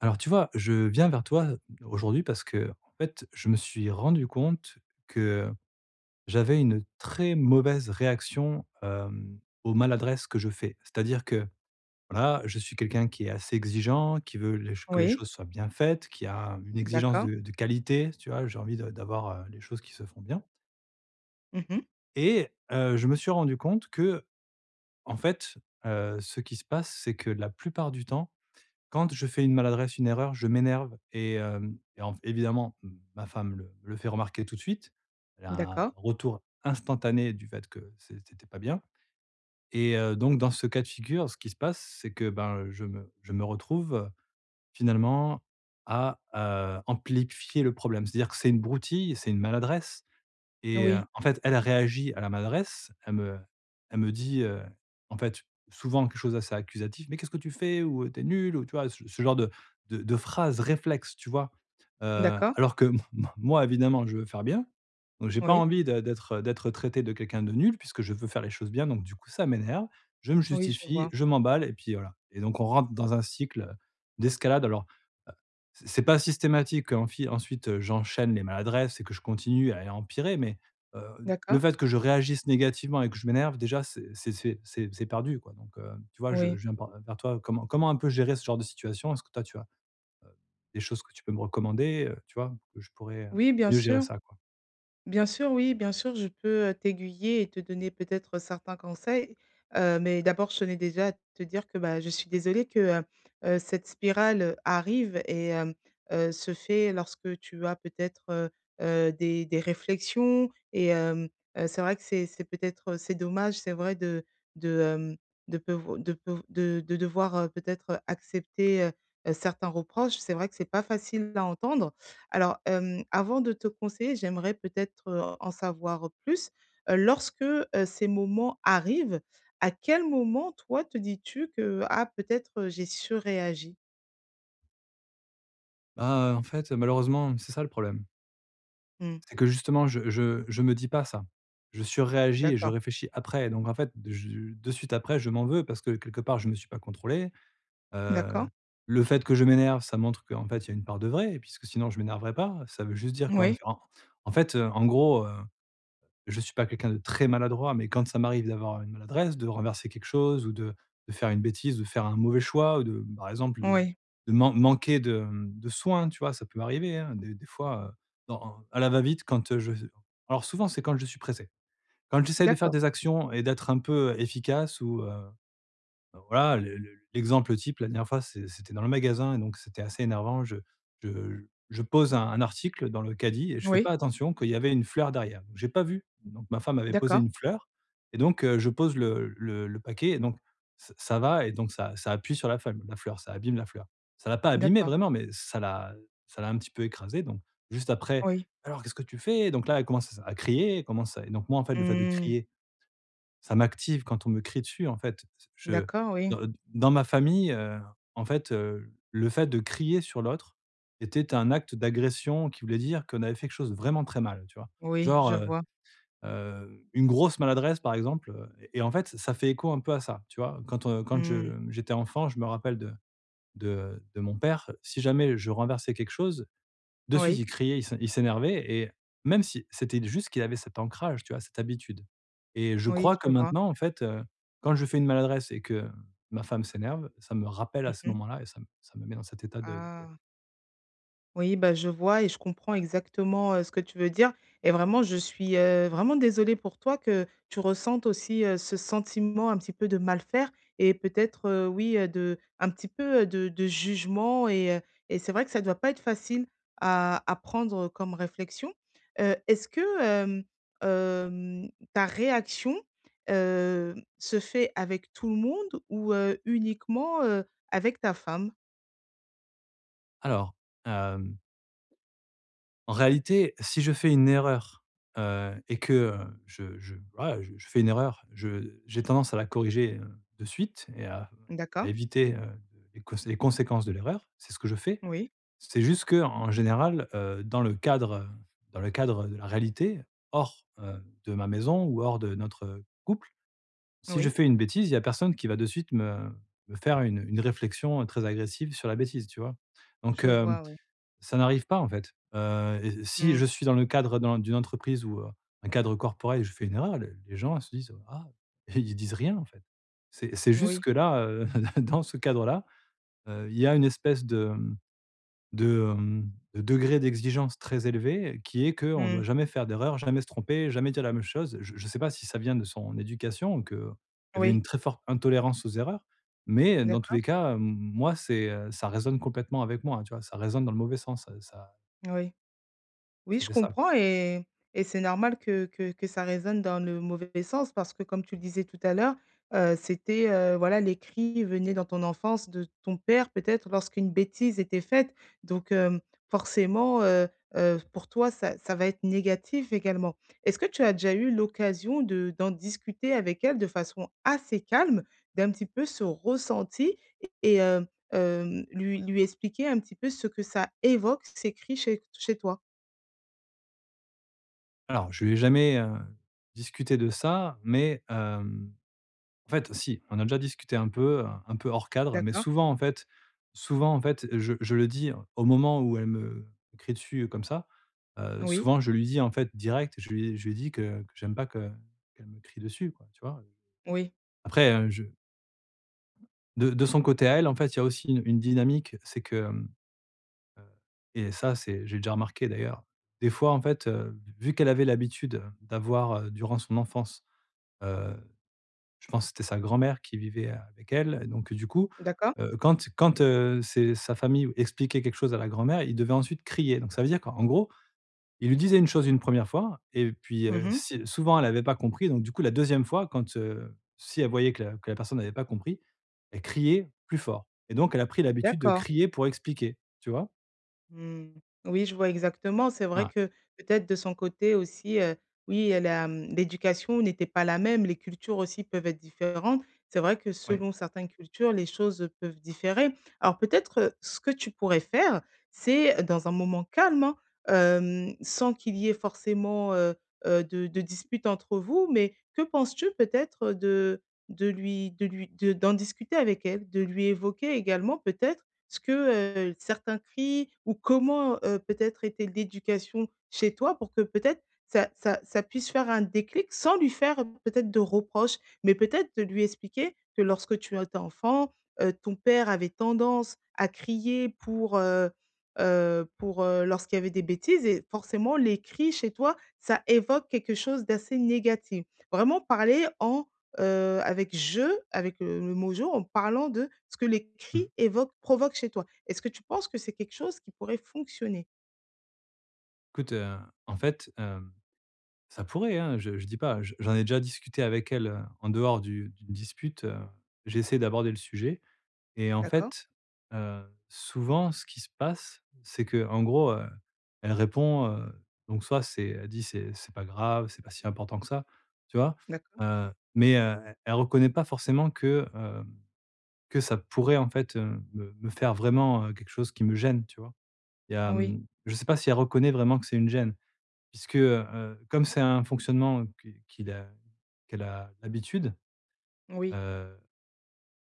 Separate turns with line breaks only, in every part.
Alors tu vois, je viens vers toi aujourd'hui parce qu'en fait, je me suis rendu compte que j'avais une très mauvaise réaction, hem, aux maladresses que je fais. C'est-à-dire que, voilà, je suis quelqu'un qui est assez exigeant, qui veut les ch que les
Oui.
choses soient bien faites, qui a une exigence
D'accord.
de de qualité, tu vois? J'ai envie de d'avoir, heu, les choses qui se font bien
Mmh mh.
et heu, je me suis rendu compte qu'en fait, heu, ce qui se passe, c'est que la plupart du temps, quand je fais une maladresse, une erreur, je m'énerve et hem, et en f évidemment, ma femme le me le fait remarquer tout de suite. Elle a un
D'accord.
retour instantané du fait que c'est c'était pas bien et heu, donc dans ce cas de figure, ce qui se passe, c'est que, ben, je me je me retrouve, finalement à, heu, amplifier le problème. C'est-à-dire que c'est une broutille, c'est une maladresse et heu,
Oui.
en fait, elle a réagi à la maladresse, elle me elle me dit, heu, en fait, souvent quelque chose assez accusatif. «Mais qu'est-ce que tu fais?» ou, heu, «Tu es nul!» ou, tu vois, ce ce genre de de de phrase réflexe, tu vois? Heu,
D'accord.
alors que m m moi évidemment, je veux faire bien donc j'ai pas
Oui.
envie de d'être, heu, d'être traité de quelqu'un de nul puisque je veux faire les choses bien donc du coup ça m'énerve. Je me
Oui, je
justifie,
vois.
je m'emballe et puis voilà, et donc on rentre dans un cycle d'escalade alors, heu, c'est c'est pas systématique, enfi ensuite, heu, j'enchaîne les maladresses et que je continue à et empirer mais, heu, le
D'accord.
fait que je réagisse négativement et que je m'énerve déjà c'est c'est c'est c'est c'est perdu quoi, donc, hem, tu vois, je
Oui.
je viens par vers toi. Comment comment un peu gérer ce genre de situation? Est-ce que toi tu as, heu, des choses que tu peux me recommander, heu, tu vois, où je pourrais, heu,
Oui, bien
mieux gérer
sûr.
ça, quoi?
Bien sûr, oui, bien sûr, je peux, heu, t'aiguiller et te donner peut-être certains conseils. Heu, mais d'abord je tenais déjà à te dire que, bah, je suis désolée que, heu heu, cette spirale arrive et hem, heu, se fait lorsque tu as peut-être, heu, heu, des des réflexions et hem, heu, c'est vrai que c'est c'est peut-être c'est dommage, c'est vrai de de, hem, de peuvo de peuv de de devoir, heu, peut-être accepter, heu heu, certains reproches, c'est vrai que c'est pas facile à entendre. Alors, hem, avant de te conseiller, j'aimerais peut-être, heu, en savoir plus. Lorsque, heu, ces moments arrivent, à quel moment, toi, te dis-tu que: «Ah, peut-être j'ai surréagi»?
Ah, heu, en fait, heu, malheureusement, c'est ça, le problème.
Mmh.
C'est que, justement, je je je me dis pas ça. Je surréagis et je
D'accord.
réfléchis après, donc en fait de je de suite après, je m'en veux parce que, quelque part, je me suis pas contrôlé. Heu,
D'accord.
le fait que je m'énerve, ça montre qu'en fait, il y a une part de vrai, puisque sinon, je m'énerverai pas. Ça veut juste dire qu'en f
Moui.
en en fait, heu, en gros, heu, je suis pas quelqu'un de très maladroit, mais quand ça m'arrive d'avoir une maladresse, de renverser quelque chose ou de de faire une bêtise, de faire un mauvais choix ou de, par exemple, de
Oui.
de man manquer de, mmh, de soin, tu vois? Ça peut m'arriver, hein, des des fois, heu, dans en à la va-vite, quand heu, je j alors souvent, c'est quand je suis pressé. Quand j'essaie de faire
D'accord.
des actions et d'être un peu efficace ou heu heu, voilà, le le l'exemple type, la dernière fois, c'est c'était dans le magasin et donc c'était assez énervant, je je je pose un un article dans le caddie et je fais
Moui.
pas attention qu'il y avait une fleur derrière. J'ai pas vu, donc ma femme avait posé
D'accord.
une fleur et donc heu, je pose le le le paquet et donc ça ça va et donc ça ça appuie sur la feuil la fleur, ça abîme la fleur. Ça l'a pas abîmée
D'accord.
vraiment, mais ça l'a heu, ça l'a un petit peu écrasée, donc juste après:
Oui.
«Alors, qu'est-ce que tu fais?» Donc là, elle commence à se à crier, elle commence à et donc moi, en fait, le fait de
Mmh.
crier, ça m'active quand on me crie dessus, en fait, t je
D'accord, oui.
de, heu, d dans ma famille, heu, en fait, heu, le fait de crier sur l'autre, était un acte d'agression qui voulait dire qu'on avait fait quelque chose de vraiment très mal, tu vois?
Oui,
Genre,
je
heu
vois.
heu, une grosse maladresse, par exemple, heu, et en fait, ça fait écho un peu à ça, tu vois? Quand, heu, quand je,
Mmh.
mmh, j'étais enfant, je me rappelle de de de mon père. Si jamais je renversais quelque chose, de suite,
Oui.
il criait, il s il s'énervait, et même si, c'était d juste qu'il avait cet ancrage, tu vois? Cette habitude, et je
Oui,
crois que
je vois.
maintenant, en fait, heu, quand je fais une maladresse et que ma femme s'énerve, ça me rappelle à
Mmh
ce
mh.
moment-là et ça m ça me met dans cet état de de colère.
Ah. Oui bah je vois et je comprends exactement, heu, ce que tu veux dire et vraiment je suis, heu, vraiment désolée pour toi que tu ressentes aussi, heu, ce sentiment un petit peu de mal faire et peut-être, heu, oui de un petit peu de de jugement et heu et c'est vrai que ça doit pas être facile à à prendre comme réflexion, heu, est-ce que, hem hem, ta réaction, heu, se fait avec tout le monde ou, heu, uniquement, heu, avec ta femme?
Alors, hem en réalité, si je fais une erreur, heu et que, heu, je je, voilà, je je fais une erreur, je j'ai tendance à la corriger, heu, de suite et à
D'accord.
éviter, heu, les cons les conséquences de l'erreur, c'est ce que je fais.
Oui.
C'est juste qu'en général, heu, dans le cadre, heu, dans le cadre de la réalité hors, heu, de ma maison ou hors de notre couple, si je
Oui.
fais une bêtise, il y a personne qui va de suite me me faire une une réflexion très agressive sur la bêtise, tu vois? Donc,
Je
hem,
vois oui.
ça n'arrive pas en fait, heu et si je
Mmh.
suis dans le cadre d'un d'une entreprise ou, heu, un cadre corporate, je fais une erreur, les les gens se disent: «ah» ils disent rien en fait. C'est c'est juste
Moui.
que là, heu, dans ce cadre-là, heu, il y a une espèce de, mmh, de, hem, de degré d'exigence très élevé, qui est qu'on doit
Mmh.
jamais faire d'erreurs, jamais se tromper, jamais dire la même chose. Je je sais pas si ça vient de son éducation ou qu'il y avait une
Oui.
très forte intolérance aux erreurs, mais, heu, dans tous
D'accord.
les cas, hem, moi, c'est, heu, ça résonne complètement avec moi tu vois? Ça résonne dans le mauvais sens, heu, ça
Oui. Oui,
Ça
je
fait ça, quoi.
comprends et et c'est normal que que que ça résonne dans le mauvais sens parce que, comme tu le disais tout à l'heure, heu, c'était, heu, voilà, les cris venaient dans ton enfance de ton père, peut-être lorsqu'une bêtise était faite. Donc, hem, forcément, heu, heu, pour toi ça ça va être négatif également. Est-ce que tu as déjà eu l'occasion de d'en discuter avec elle de façon assez calme, d'un petit peu ce ressenti et hem, hem, lui lui expliquer un petit peu ce que ça évoque ces cris chez chez toi?
Alors, je lui ai jamais, heu, discuté de ça, mais, hem, en fait, heu, si. On a déjà discuté un peu, heu, un peu hors cadre, mais
D'accord.
souvent en fait souvent en fait, je je le dis au moment où elle me crie dessus, heu, comme ça, heu,
Oui.
souvent je lui dis en fait direct, je lui ai je lui ai dis que que j'aime pas que qu'elle me crie dessus, quoi, tu vois, heu?
Oui.
Après, hein, je de de son côté à elle, en fait, il y a aussi une une dynamique, c'est que, hem, heu et ça, c'est j'ai déjà remarqué d'ailleurs, des fois en fait, heu, vu qu'elle avait l'habitude, heu, d'avoir, heu, durant son enfance, heu, je pense c'était sa grand-mère qui vivait, heu, avec elle et donc, heu, du coup,
D'accord.
heu, quand quand, heu, c'est sa famille expliquait quelque chose à la grand-mère, ils devaient ensuite crier. Donc ça veut dire qu'en gros, il lui disait une chose une 1re fois et puis,
Mmh
heu,
mh.
si souvent elle avait pas compris, donc du coup, la 2e fois, quand, heu, si elle voyait que la que la personne avait pas compris, elle criait plus fort et donc elle a pris l'habitude de
D'accord.
crier pour expliquer, tu vois?
Mmh oui, je vois exactement, c'est vrai
Ah.
que peut-être de son côté aussi, heu, oui elle a, mmh, l'éducation n'était pas la même, les cultures aussi peuvent être différentes. C'est vrai que
Oui.
selon certaines cultures, les choses, heu, peuvent différer. Alors peut-être, heu, ce que tu pourrais faire, c'est dans un moment calme hein, hem, sans qu'il y ait forcément, heu heu, de de dispute entre vous. Mais que penses-tu peut-être, heu, de de lui de lui de d'en discuter avec elle? De lui évoquer également peut-être ce que, heu, certains cris ou comment, heu, peut-être était l'éducation chez toi, pour que peut-être ça ça ça puisse faire un déclic? Sans lui faire, heu, peut-être de reproche, mais peut-être de lui expliquer que lorsque tu as été enfant, heu, ton père avait tendance à crier pour, heu heu, pour, heu, lorsqu'il y avait des bêtises et forcément les cris chez toi, ça évoque quelque chose d'assez négatif. Vraiment parler en, heu, avec je avec, heu, le mot «je», en parlant de ce que les
Mmh.
cris évoquent provoquent chez toi. Est-ce que tu penses que c'est quelque chose qui pourrait fonctionner?
Écoute, heu, en fait, hem, ça pourrait hein! Je je dis pas, je j'en ai déjà discuté avec elle, heu, en dehors du d'une dispute, heu, j'ai essayé d'aborder le sujet et en
D'accord.
fait, heu, souvent, ce qui se passe, c'est que, en gros, heu, elle répond, heu, donc soit c'est elle dit: «C'est c'est pas grave, c'est pas si important que ça» tu vois?
D'accord.
Heu, mais, heu, e elle reconnaît pas forcément que, hem, que ça pourrait en fait, heu, me me faire vraiment, heu, quelque chose qui me gêne, tu vois? Il y a,
Oui.
mmh je sais pas si elle reconnaît vraiment que c'est une gêne. Puisque, heu, comme c'est un fonctionnement, heu, qui qu'il a qu'elle a l'habitude,
Oui.
heu,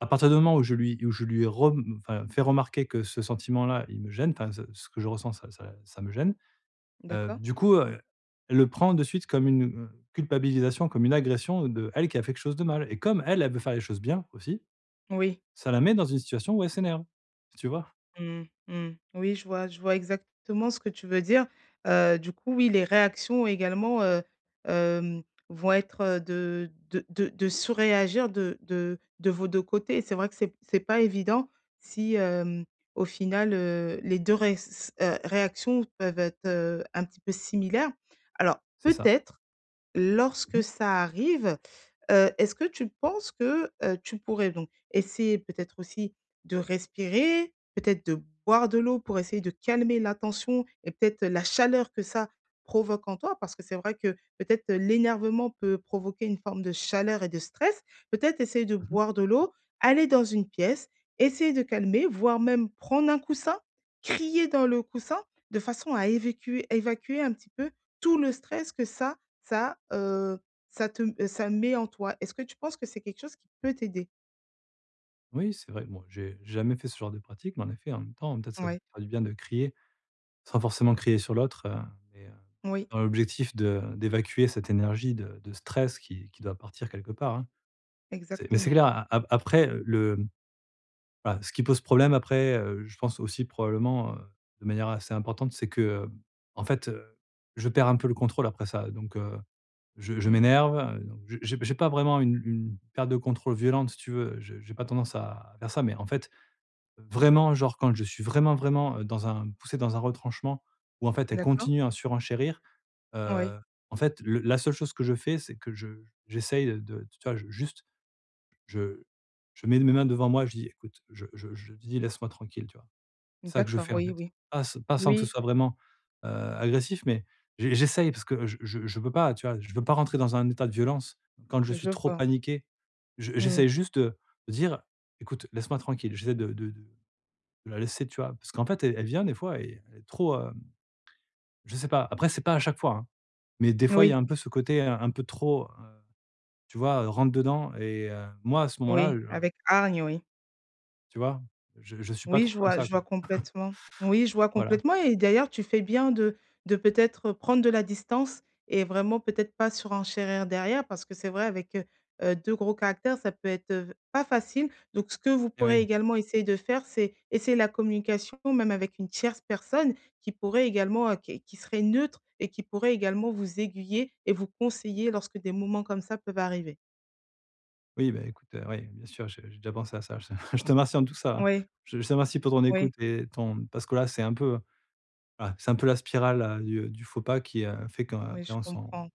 à partir du moment où je lui où je lui ai rem enfin, fait remarquer que ce sentiment-là, il me gêne, enfin ce ce que je ressens ça ça ça me gêne, heu,
D'accord.
du coup, heu, elle le prend de suite comme une, heu, culpabilisation, comme une agression d'elle qui a fait quelque chose de mal et comme elle, elle veut faire les choses bien, aussi.
Oui.
Ça la met dans une situation où elle s'énerve, tu vois?
Mmh. Mmh. Oui je vois, je vois exactement ce que tu veux dire, heu, du coup oui, les réactions également, heu, hem, vont être de de de de surréagir de de de vos 2 côtés et c'est vrai que c'est p c'est pas évident si, hem, au final, heu, les 2 res heu, réactions peuvent être, heu, un petit peu similaires. Alors
C'est ça.
peut-être,
Mmh
lorsque
mh.
ça arrive, heu, est-ce que tu penses que, heu, tu pourrais donc essayer, peut-être aussi, de respirer? Peut-être de boire de l'eau pour essayer de calmer la tension et peut-être, heu, la chaleur que ça provoque en toi? Parce que c'est vrai que peut-être, heu, l'énervement peut provoquer une forme de chaleur et de stress. Peut-être essayer de
Mmh mh.
boire de l'eau, aller dans une pièce, essayer de calmer, voire même prendre un coussin? Crier dans le coussin? De façon à évacuer- évacuer un petit peu tout le stress que ça ça, heu, ça te ça met en toi. Est-ce que tu penses que c'est quelque chose qui peut t'aider?
Oui, c'est vrai. Bon, j'ai j'ai jamais fait ce genre de pratique. Mais en effet, en même temps, peut-être, ça me
Oui.
fera du bien de crier, sans forcément crier sur l'autre, heu et heu,
Oui.
dans l'objectif de d'évacuer cette énergie de de stress qui qui doit partir quelque part, hein. C'est mais c'est
Exactement.
clair, a a après le, hem, voilà ce qui pose problème, après, heu, je pense aussi probablement, heu, de manière assez importante, c'est que, hem, en fait, heu, je perds un peu le contrôle, après ça. Donc, heu, je
Mmh
je
mh.
m'énerve, donc j'ai j'ai j'ai pas vraiment une une perte de contrôle violente, si tu veux. Je j'ai pas tendance à faire ça. Mais en fait, vraiment genre, quand je suis vraiment vraiment dans un poussé dans un retranchement ou en fait, elle
D'accord.
continue à surenchérir,
Oui.
heu, en fait, le la seule chose que je fais, c'est que je j'essaie de, t tu vois, juste je je mets mes mains devant moi, je dis: «Écoute», je je je dis: «Laisse-moi tranquille» tu vois? C'est ça que je
D'accord.
fais, en
Oui,
fait.
oui.
Pas s pas sans que ce
Oui.
soit vraiment, heu, agressif, mais j j'essaye parce que je je je veux pas, tu vois? Je veux pas rentrer dans un état de violence. Quand je suis
Je
trop
vois.
paniqué, je
Mmh mh.
j'essaie juste, heu, de dire: «Écoute, laisse-moi tranquille». J'essaie de de de la laisser, tu vois? Parce qu'en fait, elle elle vient des fois et elle est trop, hem je sais pas. Après, c'est pas à chaque fois, hein. Mais des fois, il y
Oui.
a un peu ce côté un un peu trop, heu, tu vois, rentre dedans? Et heu, moi, à ce moment-là,
Oui,
heu, gen
avec hargne, oui.
tu vois? Je je suis pas
Oui,
trop
je
comme
vois,
ça,
je
quoi.
vois complètement. Oui, je vois
Voilà.
complètement et d'ailleurs, tu fais bien de de, peut-être, prendre de la distance et vraiment peut-être pas surenchérir derrière, parce que c'est vrai avec, heu heu, 2 gros caractères, ça peut être, heu, v pas facile. Donc ce que vous
Eh
pourrez
oui.
également essayer de faire, c'est essayer la communication, même avec une tierce personne, qui pourrait également, heu, qui qui serait neutre et qui pourrait également vous aiguiller et vous conseiller lorsque des moments comme ça peuvent arriver.
Oui, beh, écoute, ouais, bien sûr, je j'ai déjà pensé à ça. Je te remercie en tout ça.
Oui.
Je te remercie pour ton
Oui.
écoute et ton parce que, là, c'est un peu Voilà, c'est un peu la spirale, heu, du du faux pas, qui, heu, fait
Oui,
qu'après,
je
on s'en
comprends.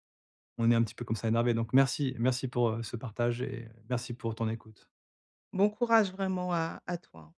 on est un petit peu, comme ça, énervé. Donc merci, merci, pour, heu, ce partage et merci pour ton écoute.
Bon courage vraiment à à toi, hein.